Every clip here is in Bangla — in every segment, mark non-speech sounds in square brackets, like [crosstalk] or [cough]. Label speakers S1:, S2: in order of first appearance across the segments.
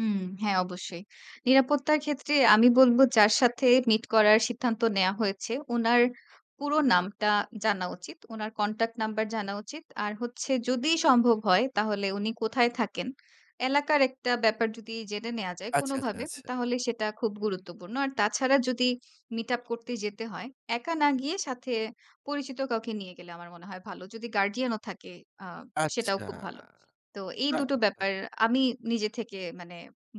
S1: উম হ্যাঁ অবশ্যই। নিরাপত্তার ক্ষেত্রে আমি বলব যার সাথে মিট করার সিদ্ধান্ত নেওয়া হয়েছে, উনার পুরো নামটা জানা উচিত, উনার কনট্যাক্ট নাম্বার জানা উচিত, আর হচ্ছে যদি সম্ভব হয় তাহলে উনি কোথায় থাকেন? এলাকার একটা ব্যাপার যদি জেনে নেওয়া যায়
S2: আচ্ছা, আচ্ছা,
S1: কোনভাবে
S2: আচ্ছা।
S1: তাহলে সেটা খুব গুরুত্বপূর্ণ। আর তাছাড়া যদি মিট আপ করতে যেতে হয়, একা না গিয়ে সাথে পরিচিত কাউকে নিয়ে গেলে আমার মনে হয় ভালো। যদি গার্ডিয়ান ও থাকে আ সেটাও
S2: আচ্ছা,
S1: খুব ভালো। তো এই
S2: না
S1: ২টো
S2: এটা
S1: ব্যাপার আমি নিজে থেকে মানে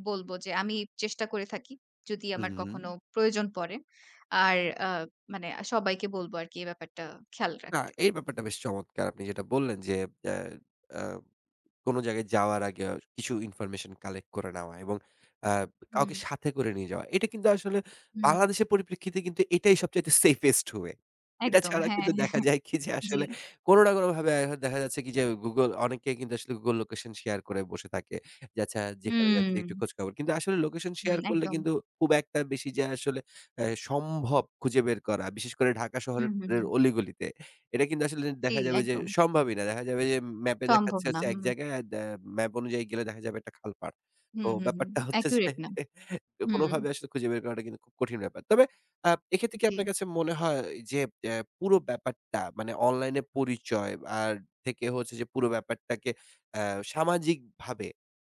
S1: বলব যে, আমি চেষ্টা করে থাকি। যদি আমার কখনো
S2: হুম।
S1: প্রয়োজন পড়ে। আর আ মানে সবাইকে বলবো আরকি এ ব্যাপারটা খেয়াল
S2: না
S1: রাখতে।
S2: এই ব্যাপারটা বেশ চমৎকার। আপনি যেটা বললেন যে, এ্যা এ্যা কোন জায়গায় যাওয়ার আগে কিছু ইনফরমেশন কালেক্ট করে নেওয়া এবং আ কাউকে
S1: হুম।
S2: সাথে করে নিয়ে যাওয়া। এটা কিন্তু আসলে
S1: হুম।
S2: বাংলাদেশের পরিপ্রেক্ষিতে কিন্তু এটাই সবচাইতে সেফেস্ট ওয়ে। এটা
S1: একদম।
S2: ছাড়া
S1: হ্যাঁ,
S2: কিন্তু দেখা
S1: হ্যাঁ,
S2: যায় কি যে
S1: জ্বি।
S2: আসলে কোন না কোন ভাবে এখন দেখা যাচ্ছে কি যে Google অনেকেই কিন্তু আসলে Google Location শেয়ার করে বসে থাকে। যে আচ্ছা যেখানে যাচ্ছি একটু
S1: হুম।
S2: খোঁজখবর। কিন্তু আসলে লোকেশন শেয়ার
S1: হুম,
S2: করলে
S1: একদম।
S2: কিন্তু খুব একটা বেশি যে আসলে এ্যা সম্ভব খুঁজে বের করা, বিশেষ করে ঢাকা শহরের
S1: হুম, হুম,
S2: এ
S1: হুম।
S2: অলিগলিতে। এটা কিন্তু আসলে
S1: জ্বী,
S2: দেখা যাবে ওই যে
S1: একদম।
S2: সম্ভবই না, দেখা যায় ওই যে ম্যাপে
S1: সম্ভব
S2: দেখাচ্ছে
S1: না।
S2: হচ্ছে এক
S1: হুম।
S2: জায়গায় আদ এ্যা ম্যাপ অনুযায়ী গেলে দেখা যাবে একটা খালপাড়। তো
S1: হুম, হুম, হুম।
S2: ব্যাপারটা হচ্ছে যে
S1: অ্যাকুরেট না।
S2: [chuckles]
S1: হুম।
S2: কোনভাবে আসলে খুঁজে বের করাটা কিন্তু খুব কঠিন ব্যাপার। তবে আ এক্ষেত্রে কি
S1: জ্বী।
S2: আপনার কাছে মনে হয় যে, এ্যা পুরো ব্যাপারটা মানে অনলাইনে পরিচয় আর থেকে হচ্ছে যে, পুরো ব্যাপারটাকে অ্যা সামাজিকভাবে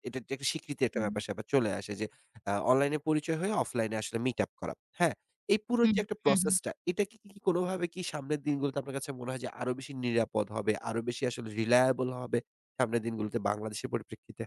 S2: এটা একটা স্বীকৃতির একটা
S1: হুম।
S2: ব্যাপার-স্যাপার চলে আসে যে আ অনলাইনে পরিচয় হয়ে অফলাইনে আসলে মিট আপ করা। হ্যাঁ, এই পুরো
S1: হু,
S2: যে একটা
S1: হু,
S2: প্রসেস
S1: হু।
S2: টা এটা কি কোনভাবে কি সামনের দিনগুলোতে আপনার কাছে মনে হয় যে আরো বেশি নিরাপদ হবে, আরো বেশি আসলে রিলায়েবল হবে সামনের দিনগুলোতে বাংলাদেশের পরিপ্রেক্ষিতে?